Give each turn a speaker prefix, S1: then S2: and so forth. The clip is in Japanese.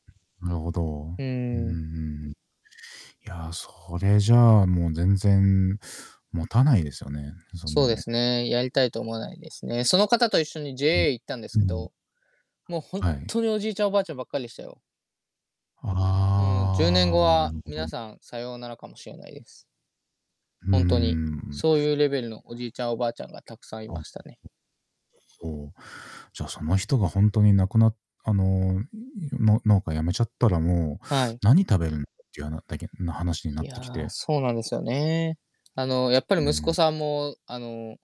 S1: なるほど。
S2: う
S1: うー
S2: ーん。
S1: ん。いや、それじゃあ、もう、全然もたないですよね、そんな
S2: そうで
S1: の。
S2: すね、やりたいと思わないですね。その方と一緒に
S1: うん
S2: JA 行ったんです
S1: う
S2: け
S1: ん。
S2: ど、もう、ほんっ
S1: はい。
S2: とにおじいちゃん、おばあちゃんばっかりでしたよ。うーん、10年後
S1: ああ、な
S2: は、
S1: るほ
S2: 皆
S1: ど。
S2: さん、さようならかもしれないです。
S1: うー
S2: ホントに。
S1: ん。い
S2: そういうレベルのおじ
S1: な
S2: いちゃん、おばあちゃんがたくさんい
S1: あん、
S2: ま
S1: と。
S2: したね。
S1: そう。じゃあ、その人が本当に亡くなあの、の農家辞めちゃったらもう、
S2: はい。
S1: 何食べるっていうはなだけの話にな
S2: い
S1: ってき
S2: や、
S1: て
S2: そうなんですよね。あの、やっぱ
S1: うー
S2: り息子
S1: ん。
S2: さんも、あの